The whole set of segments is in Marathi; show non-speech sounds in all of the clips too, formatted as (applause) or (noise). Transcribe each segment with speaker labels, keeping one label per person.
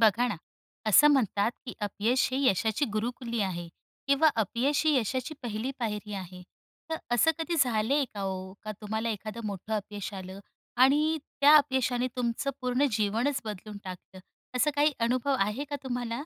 Speaker 1: बघा ना, असं म्हणतात की अपयश ही यशाची गुरुकिल्ली आहे किंवा अपयश ही यशाची पहिली पायरी आहे. तर असं कधी झालंय का हो का तुम्हाला एखादं मोठं अपयश आलं? आणि त्या अपयशाने तुमचं पूर्ण जीवनच बदलून टाकलं? असं काही अनुभव आहे का तुम्हाला?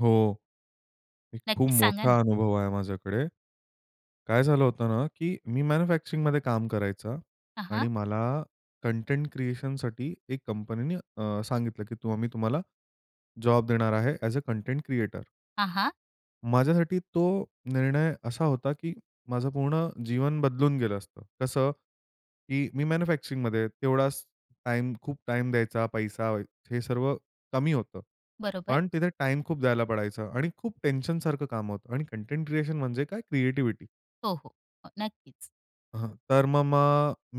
Speaker 2: हो. एक खूप
Speaker 1: नक्कीच, सांगा ना.
Speaker 2: मोठा अनुभव आहे माझ्याकडे. काय झालं होतं ना, की मी मॅन्युफॅक्चरिंगमध्ये काम करायचा
Speaker 1: हां, हां.
Speaker 2: आणि मला कंटेंट क्रिएशनसाठी एक कंपनी नी अ, सांगितलं की आम्ही तुम्हाला जॉब देणार आहे ॲज अ कंटेंट क्रिएटर.
Speaker 1: हां, हां.
Speaker 2: माझ्यासाठी तो निर्णय असा होता, की माझं पूर्ण जीवन बदलून गेलं असतं. कसं? की मी मॅन्युफॅक्चरिंगमध्ये. तेवढाच टाईम, खूप टाईम द्यायचा, पैसा हे सर्व कमी होतं.
Speaker 1: बरोबर.
Speaker 2: पण तिथे टाईम खूप द्यायला पडायचं आणि खूप टेन्शन सारखं काम होतं आणि कंटेंट क्रिएशन म्हणजे काय? क्रिएटिव्हिटी.
Speaker 1: हो, हो. अ, नक्कीच.
Speaker 2: अ, तर म म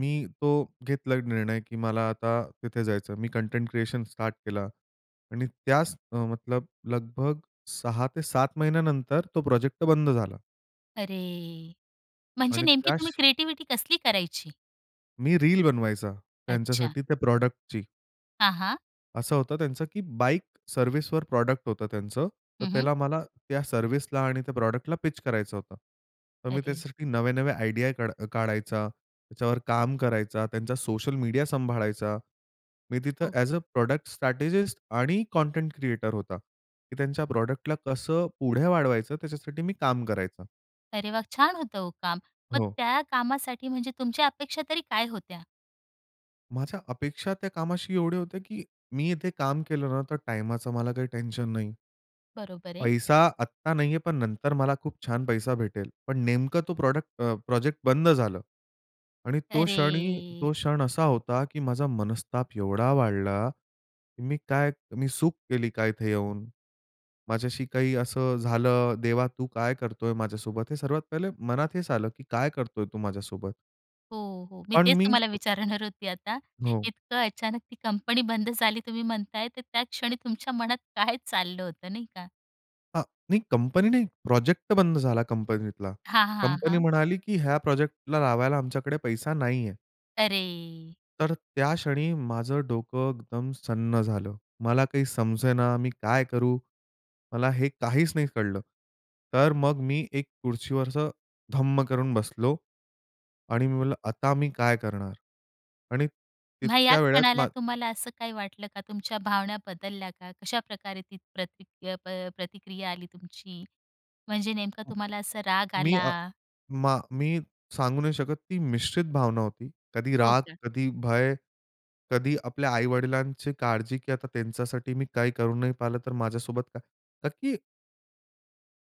Speaker 2: मी तो घेतला निर्णय की मला आता तिथे जायचं. मी कंटेंट क्रिएशन स्टार्ट केला आणि त्यास अ, मतलब लगभग 6 ते 7 महिन्यानंतर तो प्रोजेक्ट तर बंद झाला.
Speaker 1: अरे! म्हणजे
Speaker 2: आणि
Speaker 1: नेमकी तुम्ही
Speaker 2: त्यास
Speaker 1: क्रिएटिव्हिटी कसली करायची?
Speaker 2: मी रील बनवायचा
Speaker 1: अच्छा.
Speaker 2: त्यांच्यासाठी त्या प्रॉडक्टची.
Speaker 1: हां, हां.
Speaker 2: असं होतं त्यांचं, की बाईक सर्व्हिसवर प्रॉडक्ट होतं त्यांचं. तर
Speaker 1: हं, हं.
Speaker 2: त्याला मला त्या सर्व्हिसला आणि त्या प्रॉडक्टला पिच करायचं होतं. तर मी
Speaker 1: अरे!
Speaker 2: त्याच्यासाठी नवे-नवे आयडिया काढा काढायचा, त्याच्यावर काम करायचा, त्यांचा सोशल मीडिया सांभाळायचा. मी तिथं
Speaker 1: हो.
Speaker 2: ॲज अ प्रॉडक्ट स्ट्रॅटेजिस्ट आणि कंटेंट क्रिएटर होता, की त्यांच्या प्रॉडक्टला कसं पुढे वाढवायचं त्याच्यासाठी मी काम करायचं.
Speaker 1: अरे वा! छान होतं ओ काम. मग
Speaker 2: हो.
Speaker 1: त्या कामासाठी म्हणजे तुमच्या अपेक्षा तरी काय होत्या?
Speaker 2: माझ्या अपेक्षा त्या कामाशी एवढ्या होत्या, की मी इथे काम केलं ना तर टाईमाचा मला काही टेन्शन नाही.
Speaker 1: बरोबर आहे.
Speaker 2: पैसा आत्ता नाही आहे, पण नंतर मला खूप छान पैसा भेटेल. पण नेमकं तो प्रॉडक्ट अ, प्रोजेक्ट बंद झालं आणि तो क्षणी
Speaker 1: अरे!
Speaker 2: तो क्षण असा होता, की माझा मनस्ताप एवढा वाढला, की मी काय, मी चूक केली का इथे येऊन? माझ्याशी काही असं झालं, देवा तू काय करतोय माझ्यासोबत? हे सर्वात पहिले मनात हेच आलं, की काय करतोय तू माझ्यासोबत?
Speaker 1: हो, हो. मी
Speaker 2: पण
Speaker 1: तेच
Speaker 2: मीच
Speaker 1: तुम्हाला
Speaker 2: तो
Speaker 1: विचारणार (chuckles) होती आता.
Speaker 2: हो.
Speaker 1: इतकं अचानक ती कंपनी बंद झाली तुम्ही म्हणतायत तर, त्या क्षणी तुमच्या मनात (chuckles) काय चाललं होतं नाही का?
Speaker 2: अ, नाही कंपनी नाही, प्रोजेक्ट बंद झाला कंपनीतला.
Speaker 1: हां, हां. हां,
Speaker 2: कंपनी
Speaker 1: हां.
Speaker 2: म्हणाली की "ह्या प्रोजेक्टला लावायला आमच्याकडे पैसा नाही आहे."
Speaker 1: अरे!
Speaker 2: तर त्या क्षणी माझं डोकं एकदम सुन्न झालं. मला काही समजेना मी काय करू? मला हे काहीच नाही कळलं. तर मग मी एक खुर्चीवर असं धम्म करून बसलो. आणि मी बोललं, "आता मी काय करणार?" आणि
Speaker 1: मग या
Speaker 2: तितक्या वेळात
Speaker 1: क्षणाला
Speaker 2: मा
Speaker 1: तुम्हाला असं काही वाटलं का तुमच्या भावना बदलल्या का? कशाप्रकारे ती प्रति प अ, प्रतिक्रिया आली तुमची. म्हणजे नेमकं तुम्हाला असा राग
Speaker 2: मी अ,
Speaker 1: आला?
Speaker 2: मा मी सांगू नाही शकत ती मिश्रित भावना होती. कधी
Speaker 1: हो
Speaker 2: राग,
Speaker 1: का?
Speaker 2: कधी भय, कधी आपल्या आई-वडिलांची काळजी की आता त्यांच्यासाठी मी काही करू नाही पाहिलं तर, माझ्यासोबत काय? का की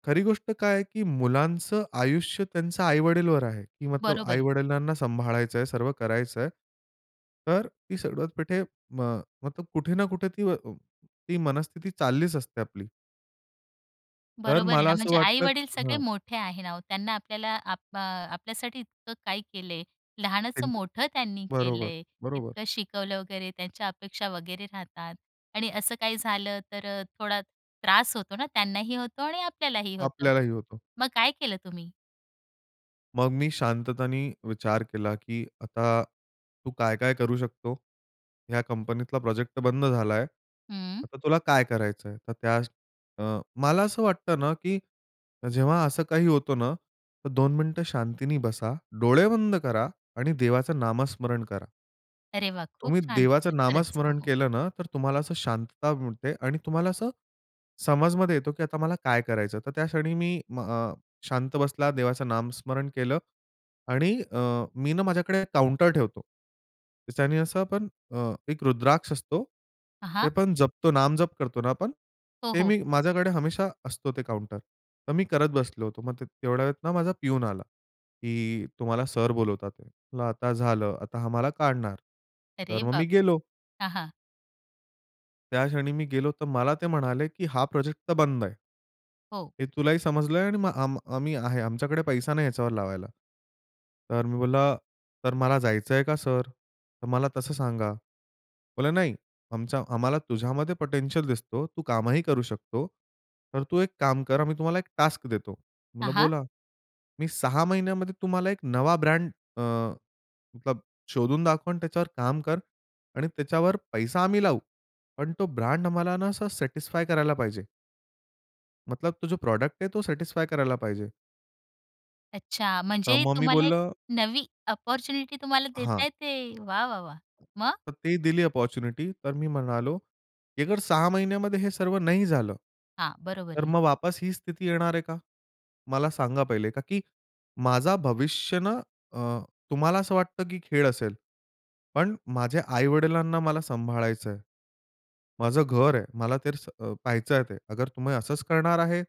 Speaker 2: खरी गोष्ट काय आहे की मुलांचं आयुष्य त्यांच्या आई-वडीलवर आहे की मतलब
Speaker 1: बरोबर आहे.
Speaker 2: आई-वडिलांना सांभाळायचं आहे. सर्व करायचं आहे. तर ती सगळ्यात पेठे म मतलब कुठे ना कुठे अ, ती मनस्थिती चाललीच असते आपली. तर
Speaker 1: बरोबर आहे
Speaker 2: मला
Speaker 1: ना,
Speaker 2: असं
Speaker 1: म्हणजे
Speaker 2: वाटतं
Speaker 1: आई-वडील सगळे
Speaker 2: हां.
Speaker 1: मोठे आहे ना ओ. त्यांना आपल्याला आप अ, आपल्यासाठी इतकं काय केलं आहे, लहानाचं
Speaker 2: एकद
Speaker 1: मोठं त्यांनी केलं
Speaker 2: बरोबर,
Speaker 1: आहे,
Speaker 2: बरोबर.
Speaker 1: इतकं शिकवलं वगैरे, त्यांच्या अपेक्षा वगैरे राहतात आणि असं काही झालं तर अ, थोडा त्रास होतो ना. त्यांनाही होतो आणि आपल्यालाही होतं.
Speaker 2: आपल्यालाही होतो.
Speaker 1: मग काय केलं तुम्ही?
Speaker 2: मग मी शांततेने विचार केला की "आता तू काय-काय करू शकतो? या कंपनीतला प्रोजेक्ट तर बंद झाला आहे.
Speaker 1: हं.
Speaker 2: आता तुला काय करायचं आहे?" तर त्या अ, मला असं वाटतं ना की जेव्हा असं काही होतं ना, तर 2 मिनिटं शांतीने बसा, डोळे बंद करा आणि देवाचं नामस्मरण करा.
Speaker 1: अरे वाह! खूप
Speaker 2: तुम्ही
Speaker 1: छान
Speaker 2: देवाचं
Speaker 1: केलं. खरंच. हो,
Speaker 2: नामस्मरण
Speaker 1: हो.
Speaker 2: केलं ना, तर तुम्हाला असं शांतता मिळते आणि तुम्हाला असं समजमध्ये येतो की आता मला काय करायचं आहे. तर त्या क्षणी मी म अ, शांत बसला, देवाचं नामस्मरण केलं आणि अ, मी ना माझ्याकडे काउंटर ठेवतो. त्याच्याने असं आपण अ, एक रुद्राक्ष असतो,
Speaker 1: हां,
Speaker 2: ते
Speaker 1: हां.
Speaker 2: पण जपतो, नामजप करतो ना आपण.
Speaker 1: हो,
Speaker 2: ते
Speaker 1: हो.
Speaker 2: मी माझ्याकडे हमेशा असतो ते काउंटर. तर मी करत बसलो होतो. मग ते तेवढ्या वेळेत ना माझा प्यून आला की "तुम्हाला सर बोलावतात आहेत." म्हटलं आता झालं, आता हा मला काढणार,
Speaker 1: अरे
Speaker 2: तर मग मी
Speaker 1: बापरे!
Speaker 2: गेलो.
Speaker 1: हां, हां.
Speaker 2: त्या क्षणी मी गेलो, तर मला ते म्हणाले की "हा प्रोजेक्ट तर बंद आहे."
Speaker 1: हो.
Speaker 2: हे तुलाही समजलंय आणि मग आम आम्ही आहे. आमच्याकडे पैसा नाही ह्याच्यावर लावायला. तर मी बोलला "तर मला जायचंय का सर? तर मला तसं सांगा." बोलला, "नाही, आमच्या आम्हाला तुझ्यामध्ये पोटेन्शियल दिसतो. तू कामही करू शकतो. तर तू एक काम कर. आम्ही तुम्हाला एक टास्क देतो."
Speaker 1: हां,
Speaker 2: म्हणलं
Speaker 1: हां.
Speaker 2: "बोला." "मी 6 महिन्यामध्ये तुम्हाला एक नवा ब्रँड अ, मतलब शोधून दाखवं आणि त्याच्यावर काम कर आणि त्याच्यावर पैसा आम्ही लावू. पण तो ब्रँड आम्हाला ना असं सॅटिस्फाय करायला पाहिजे." मतलब तो जो प्रॉडक्ट आहे तो सॅटिस्फाय करायला पाहिजे.
Speaker 1: अच्छा.
Speaker 2: तर
Speaker 1: म्हणजे
Speaker 2: मग मी
Speaker 1: तुम्हाला एक
Speaker 2: बोललं
Speaker 1: नवी अपॉर्च्युनिटी तुम्हाला
Speaker 2: हां.
Speaker 1: देताय ते. वाह, वाह, वाह! मग?
Speaker 2: तर ती दिली अपॉर्च्युनिटी. तर मी म्हणालो की "अगर 6 महिन्यामध्ये हे सर्व नाही झालं.
Speaker 1: हां. बरोबर
Speaker 2: तर
Speaker 1: आहे.
Speaker 2: मग वापस ही स्थिती येणार आहे का? मला सांगा पहिले, का की माझा भविष्य ना अ, तुम्हाला असं वाटतं की खेळ असेल. पण माझ्या आई-वडिलांना मला सांभाळायचंय. माझं घर आहे. मला तर अ, पहायचंय ते. अगर तुम्ही असच करणार आहे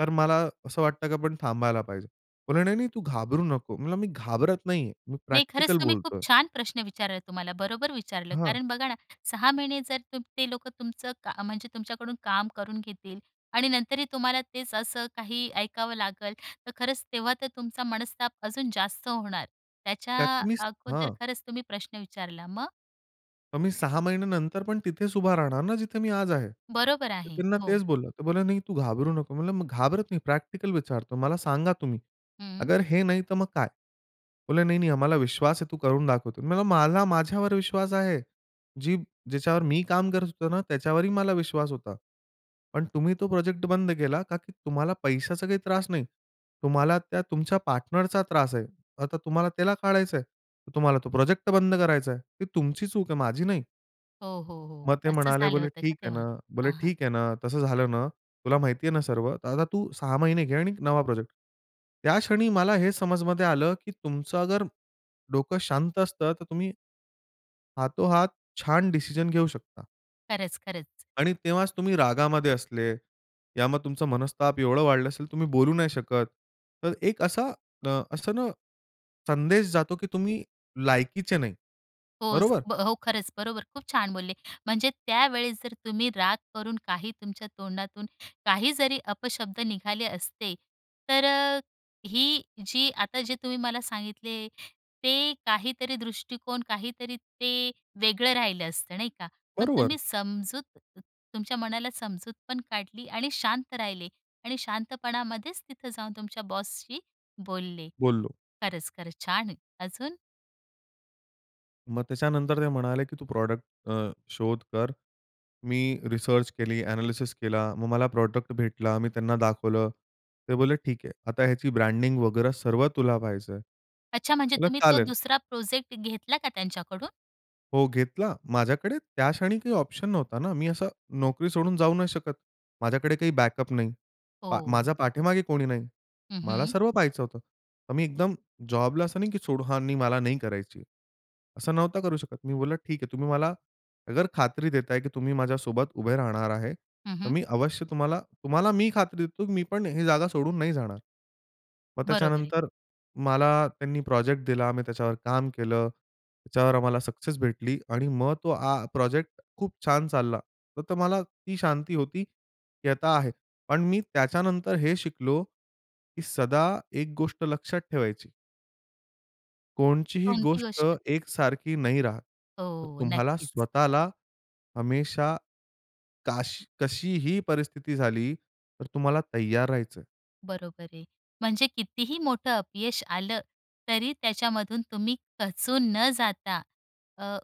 Speaker 2: तर मला असं वाटतं की आपण थांबायला पाहिजे." म्हणले "नाही, नाही तू घाबरू नको." मी म्हणलं "मी घाबरत नाहीये. मी
Speaker 1: नाही. खरंच
Speaker 2: प्रॅक्टिकल
Speaker 1: तुम्ही खूप
Speaker 2: बोलतोय."
Speaker 1: छान प्रश्न विचारला तुम्हाला, बरोबर विचारलं.
Speaker 2: हां.
Speaker 1: कारण बघा ना 6 महिने जर तुम ते लोकं तुमचं का म्हणजे तुमच्याकडून काम करून घेतील आणि नंतरही तुम्हाला तेच असं काही ऐकावं लागेल तर खरंच तेव्हा तर तुमचा मनस्ताप अजून जास्त होणार. त्याच्या
Speaker 2: त्यात मी स
Speaker 1: अगोदर
Speaker 2: हां.
Speaker 1: खरंच तुम्ही प्रश्न विचारला. मग?
Speaker 2: मग मी 6 महिन्यानंतर पण तिथेच उभा राहणार ना जिथे मी आज आहे.
Speaker 1: बरोबर
Speaker 2: तर
Speaker 1: आहे,
Speaker 2: त्यांना
Speaker 1: हो.
Speaker 2: तेच बोललो. ते बोलले "नाही तू घाबरू नको" म्हणलं "घाबरत नाही प्रॅक्टिकल विचारतो. मला सांगा तुम्ही,
Speaker 1: हं.
Speaker 2: अगर हे नाही तर मग काय?" बोलले, "नाही, नाही आम्हाला विश्वास आहे तू करून दाखवतो." म्हणलं "मला माझ्यावर विश्वास आहे. जी ज्याच्या बरोबर मी काम करत होतो ना त्याच्यावरही मला विश्वास होता. पण तुम्ही तो प्रोजेक्ट बंद केला का की तुम्हाला पैशाचा काही त्रास नाही. तुम्हाला त्या तुमच्या पार्टनरचा त्रास आहे. आता तुम्हाला त्याला काढायचं आहे, तर तुम्हाला तो प्रोजेक्ट बंद करायचा आहे. ती तुमची चूक आहे माझी नाही."
Speaker 1: हो, हो, हो.
Speaker 2: मग ते
Speaker 1: असं
Speaker 2: म्हणाले
Speaker 1: झालं
Speaker 2: बोलले,
Speaker 1: होतं का
Speaker 2: "ठीक आहे
Speaker 1: तेव्हा?
Speaker 2: ना," बोलले
Speaker 1: हां, हां.
Speaker 2: "ठीक आहे ना तसं झालं ना तुला माहिती आहे ना सर्व? तर आता तू 6 महिने घे आणि नवा प्रोजेक्ट." त्या क्षणी मला हे समजमध्ये आलं, की तुमचं अगर डोकं शांत असतं तर तुम्ही हातोहात छान डिसिजन घेऊ शकता.
Speaker 1: खरंच, खरंच.
Speaker 2: आणि तेव्हाच तुम्ही रागामध्ये असले, या मग तुमचं मनस्ताप एवढं वाढलं असेल तुम्ही बोलू नाही शकत. तर एक असा अ, असं न संदेश जातो, की तुम्ही लायकीचे नाही.
Speaker 1: होच
Speaker 2: बरोबर?
Speaker 1: ब हो, खरंच बरोबर खूप छान बोलले, म्हणजे त्यावेळेस जर तुम्ही राग करून काही तुमच्या तोंडातून काही जरी अपशब्द निघाले असते तर अ, ही जी आता जे तुम्ही मला सांगितले ते काहीतरी दृष्टिकोन काहीतरी ते वेगळं राहिलं असतं, नाही का? पण
Speaker 2: बरोबर.
Speaker 1: तुम्ही समजूत तुमच्या मनाला समजूत पण काढली आणि शांत राहिले आणि शांतपणामध्येच तिथं जाऊन तुमच्या बॉसशी बोलले.
Speaker 2: बोललो.
Speaker 1: खरंच, खरंच छान आहेत. अजून?
Speaker 2: मग त्याच्यानंतर ते म्हणाले की "तू प्रॉडक्ट अ, शोध कर." मी रिसर्च केली, अनॅलिसिस केला, मग मला प्रॉडक्ट भेटला, मी त्यांना दाखवलं. ते बोलले, "ठीक आहे. आता ह्याची ब्रँडिंग वगैरे सर्व तुला पाहायचंय."
Speaker 1: अच्छा, म्हणजे
Speaker 2: म्हणलं,
Speaker 1: तुम्ही तो
Speaker 2: "चालेल."
Speaker 1: 2रा प्रोजेक्ट घेतला का त्यांच्याकडून?
Speaker 2: हो घेतला. माझ्याकडे त्या क्षणी काही ऑप्शन नव्हता ना. मी असं नोकरी सोडून जाऊ नाही शकत. माझ्याकडे काही बॅकअप नाही. पा
Speaker 1: हो.
Speaker 2: माझ्या पाठीमागे कोणी नाही.
Speaker 1: हं,
Speaker 2: मला
Speaker 1: हं.
Speaker 2: सर्व पाहायचं होतं. तर मी एकदम जॉबला असं नाही की सोडू, "हां, नाही, मला नाही करायची." असं नव्हतं करू शकत. मी बोललं "ठीक आहे तुम्ही मला अगर खात्री देताय की तुम्ही माझ्यासोबत उभे राहणार आहे.
Speaker 1: हं,
Speaker 2: तर
Speaker 1: हं.
Speaker 2: मी अवश्य तुम्हाला, तुम्हाला मी खात्री देतो मी पण ही जागा सोडून नाही जाणार." मग
Speaker 1: बरोबर आहे.
Speaker 2: त्याच्यानंतर मला त्यांनी प्रोजेक्ट दिला, मी त्याच्यावर काम केलं. त्याच्यावर आम्हाला सक्सेस भेटली आणि मग तो आं प्रोजेक्ट खूप छान चालला. तर मला ती शांती होती, की आता आहे. पण मी त्याच्यानंतर हे शिकलो की सदा एक गोष्ट लक्षात ठेवायची. कोणतीही
Speaker 1: कोणती
Speaker 2: गोष्ट
Speaker 1: गोष्ट?
Speaker 2: एकसारखी नाही राहात. तर
Speaker 1: हो,
Speaker 2: तुम्हाला
Speaker 1: नक्कीच.
Speaker 2: स्वतःला हमेशा, काश कशीही परिस्थिती झाली तर तुम्हाला तयार राहायचं.
Speaker 1: बरोबर आहे. म्हणजे कितीही मोठं अपयश आलं, तरी त्याच्यामधून तुम्ही खचून न जाता अ,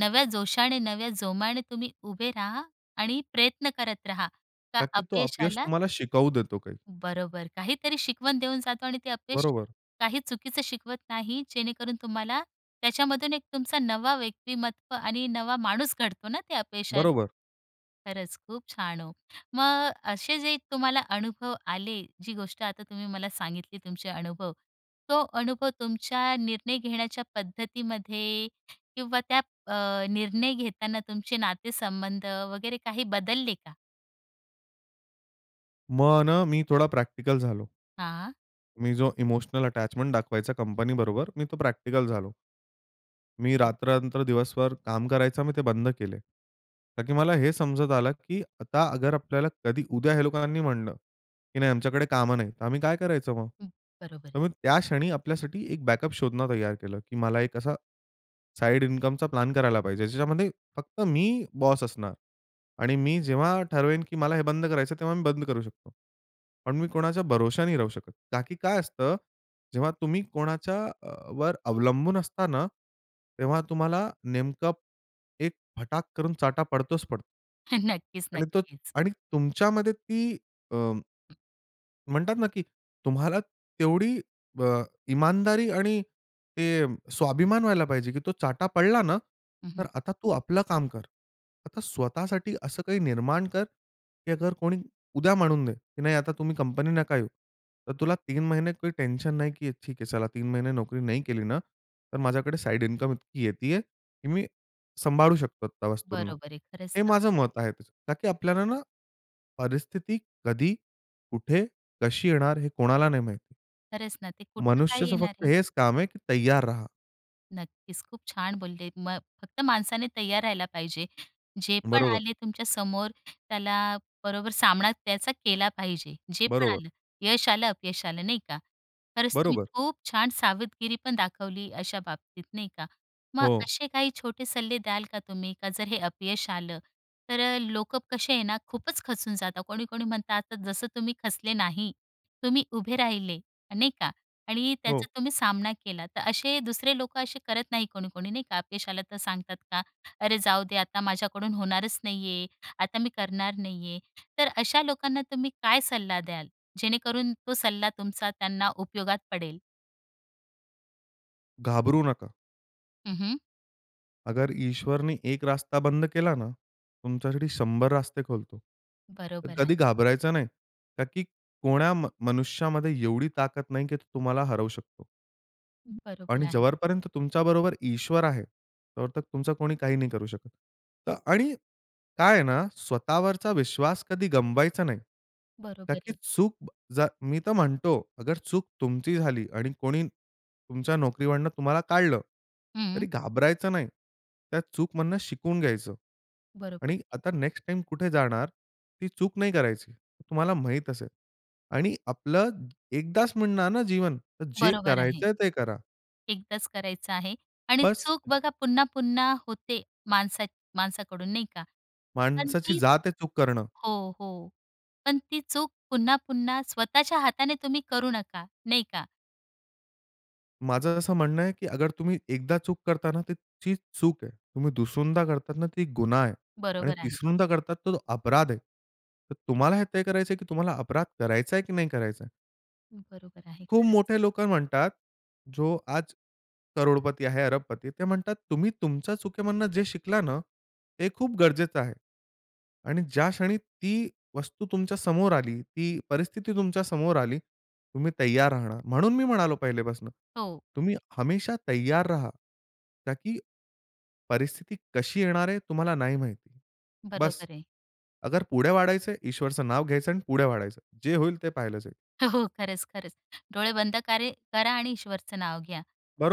Speaker 1: नव्या जोशाने, नव्या जोमाने तुम्ही उभे राहा आणि प्रयत्न करत राहा, का
Speaker 2: का की तो अपयश
Speaker 1: अपयशाला
Speaker 2: तुम्हाला शिकावू देतो काही.
Speaker 1: बरोबर, काहीतरी शिकवण देऊन जातो आणि ते अपयश
Speaker 2: बरोबर.
Speaker 1: काही चुकीचं शिकवत नाही. जेणेकरून तुम्हाला त्याच्यामधून एक तुमचा नवा व्यक्तिमत्व आणि नवा माणूस घडतो ना ते अपयशात.
Speaker 2: बरोबर.
Speaker 1: खरंच खूप छान हो. मग असे जे तुम्हाला अनुभव आले, जी गोष्ट आता तुम्ही मला सांगितली तुमचे अनुभव, तो अनुभव तुमच्या निर्णय घेण्याच्या पद्धतीमध्ये किंवा त्या अ, निर्णय घेताना तुमचे नातेसंबंध वगैरे काही बदलले का?
Speaker 2: मग ना मी थोडा प्रॅक्टिकल झालो.
Speaker 1: हां.
Speaker 2: मी जो इमोशनल अटॅचमेंट दाखवायचा कंपनी बरोबर मी तो प्रॅक्टिकल झालो. मी रात्र-रात्र दिवसभर काम करायचं मी ते बंद केले. का की मला हे समजत आलं, की आता अगर आपल्याला कधी उद्या ह्या लोकांनी म्हटलं की "नाही आमच्याकडे कामं नाही." तर आम्ही काय करायचं मग?
Speaker 1: हं, बरोबर
Speaker 2: तर
Speaker 1: आहे.
Speaker 2: मग त्या क्षणी आपल्यासाठी एक बॅकअप शोधणं तयार केलं, की मला एक असा साइड इन्कमचा प्लॅन करायला पाहिजे. ज्याच्यामध्ये फक्त मी बॉस असणार आणि मी जेव्हा ठरवेन, की मला हे बंद करायचं, तेव्हा मी बंद करू शकतो. पण मी कोणाच्या भरोशा नाही राहू शकत. का की काय असतं, जेव्हा तुम्ही कोणाच्या अ, वर अवलंबून असता ना, तेव्हा तुम्हाला नेमकं एक फटाक करून चाटा पडतोच पडतो.
Speaker 1: (chuckles) हं. नक्कीच,
Speaker 2: आणि तो
Speaker 1: नक्कीच.
Speaker 2: आणि तुमच्यामध्ये ती अ म्हणतात ना की तुम्हाला तेवढी अ, इमानदारी आणि ते स्वाभिमान व्हायला पाहिजे की तो चाटा पडला ना,
Speaker 1: हं,
Speaker 2: तर
Speaker 1: हं.
Speaker 2: आता तू आपलं काम कर. आता स्वतःसाठी असं काही निर्माण कर की अगर कोणी उद्या म्हणून दे की "नाही आता तुम्ही कंपनी नका येऊ." तर तुला 3 महिने काही टेन्शन नाही, की ठीक आहे चला 3 महिने नोकरी नाही केली ना, तर, माझ्याकडे साइड इन्कम इतकी येत आहे की मी सांभाळू शकतो त्या वस्तूंना.
Speaker 1: बरोबर आहे. खरंच
Speaker 2: हे
Speaker 1: ना.
Speaker 2: माझं मत आहे तसं. कारण की आपल्याला ना परिस्थिती कधी, कुठे, कशी येणार हे कोणाला नाही माहिती.
Speaker 1: खरंच ना. ते कुठे काय
Speaker 2: मनुष्याचं
Speaker 1: येणार
Speaker 2: फक्त
Speaker 1: आहे?
Speaker 2: हेच काम आहे की तयार रहा.
Speaker 1: नक्कीच, खूप छान बोलले. मग फक्त माणसाने तयार राहायला पाहिजे. जे पण
Speaker 2: बरोबर.
Speaker 1: आले तुमच्या समोर त्याला बरोबर सामना त्याचा केला पाहिजे जे पण
Speaker 2: बरोबर.
Speaker 1: आलं, यश आलं अपयश आलं नाही का. खरंच तुम्ही
Speaker 2: बरोबर.
Speaker 1: खूप छान सावधगिरी पण दाखवली अशा बाबतीत, नाही का? मग
Speaker 2: हो.
Speaker 1: असे काही छोटे सल्ले द्याल का तुम्ही? का जर हे अपयश आलं तर अ, लोक कसे आहे ना, खूपच खचून जातात. कोणी-कोणी म्हणतं आता जसं, तुम्ही खचले नाही. तुम्ही उभे राहिले, नाही का? आणि त्याचा
Speaker 2: हो.
Speaker 1: तुम्ही सामना केला. तर असे दुसरे लोक असे करत नाही, कोणी-कोणी नाही का? अपयश आलं तर सांगतात का, "अरे जाऊ दे, आता माझ्याकडून होणारच नाही आहे. आता मी करणार नाही आहे." तर अशा लोकांना तुम्ही काय सल्ला द्याल, जेणेकरून तो सल्ला तुमचा त्यांना उपयोगात पडेल?
Speaker 2: घाबरू नका.
Speaker 1: हं, हं.
Speaker 2: अगर ईश्वरनी 1 रास्ता बंद केला ना, तुमच्यासाठी 100 रास्ते खोलतो. तर
Speaker 1: बरोबर आहे.
Speaker 2: कधी घाबरायचं नाही, का की कोण्या मनुष्यामध्ये एवढी ताकद नाही, की तो तुम्हाला हरवू शकतो.
Speaker 1: बरोबर
Speaker 2: आणि
Speaker 1: आहे.
Speaker 2: जोपर्यंत तुमच्याबरोबर ईश्वर आहे तोपर्यंत तुमचं कोणी काही नाही करू शकत. अ, आणि काय आहे ना, स्वतःवरचा विश्वास कधी गमवायचा नाही. का
Speaker 1: बरोबर
Speaker 2: की
Speaker 1: आहे.
Speaker 2: चूक जर मी तर म्हणतो अगर चूक तुमची झाली आणि कोणी तुमच्या नोकरीवरून तुम्हाला काढलं, तरी
Speaker 1: हं.
Speaker 2: घाबरायचं नाही. त्या चूकमधनं शिकून घ्यायचं.
Speaker 1: बरोबर
Speaker 2: आणि
Speaker 1: आहे.
Speaker 2: आता नेक्स्ट टाईम कुठे जाणार ती चूक नाही करायची. तुम्हाला माहीत असेल. आणि आपलं एकदाच मिळणार ना, जीवन तर जे
Speaker 1: बरोबर आहे.
Speaker 2: करायचंय ते करा.
Speaker 1: एकदाच करायचं आहे. आणि
Speaker 2: बस.
Speaker 1: चूक बघा पुन्हा-पुन्हा होते, माणसा माणसाकडून नाही का? पण
Speaker 2: माणसाची
Speaker 1: ती
Speaker 2: जात आहे चूक करणं.
Speaker 1: हो, हो. पण ती चूक पुन्हा-पुन्हा स्वतःच्या हाताने तुम्ही करू नका. नाही का.
Speaker 2: माझं असं म्हणणं आहे की अगर तुम्ही एकदा चूक करता ना तर ती चूक आहे. तुम्ही दुसऱ्यांदा करतात ना, ती गुन्हा आहे आणि
Speaker 1: बरोबर आहे.
Speaker 2: तिसऱ्यांदा करतात तर तो अपराध आहे. तर तुम्हाला हे तय करायचं आहे की तुम्हाला अपराध करायचा आहे की नाही करायचा आहे.
Speaker 1: बरोबर आहे
Speaker 2: खूप
Speaker 1: खरंच.
Speaker 2: मोठे लोकं म्हणतात जो आज करोडपती आहे अरबपती. ते म्हणतात तुम्ही तुमच्या चुकीमधनं जे शिकला ना, ते खूप गरजेचं आहे आणि ज्या क्षणी ती वस्तू तुमच्या समोर आली, ती परिस्थिती तुमच्या समोर आली, तुम्ही तयार राहणार. म्हणून मी म्हणालो पहिल्यापासून
Speaker 1: हो.
Speaker 2: तुम्ही हमेशा तैयार रहा. का की परिस्थिती कशी येणार आहे तुम्हाला नाही माहिती.
Speaker 1: बरोबर
Speaker 2: बस
Speaker 1: आहे.
Speaker 2: अगर पुढे वाढायचं ईश्वरचं नाव घ्यायचं आणि पुढे वाढायचं. जे होईल ते पाहिलं जाईल.
Speaker 1: (chuckles) हो. खरंच ,खरंच. डोळे बंद कारे करा आणि ईश्वरचं नाव घ्या,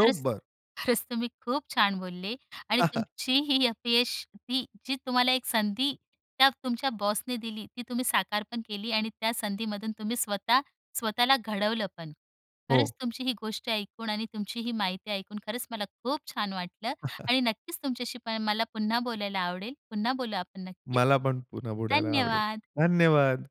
Speaker 1: खरंच. (chuckles) खरंच तुम्ही खूप छान बोलले. आणि
Speaker 2: (chuckles)
Speaker 1: तुमची ही अपयश ती जी तुम्हाला एक संधी त्या तुमच्या बॉसने दिली, ती तुम्ही साकार पण केली आणि त्या संधीमधून तुम्ही स्वतः स्वतःला घडवलं पण. खरंच
Speaker 2: हो.
Speaker 1: तुमची ही गोष्ट ऐकून आणि तुमची ही माहिती ऐकून खरंच मला खूप छान वाटलं.
Speaker 2: (chuckles)
Speaker 1: आणि नक्कीच तुमच्याशी पण मला पुन्हा बोलायला आवडेल. पुन्हा बोलू आपण नक्कीच.
Speaker 2: मला पण पुन्हा बोलायला आवडेल.
Speaker 1: धन्यवाद.
Speaker 2: धन्यवाद.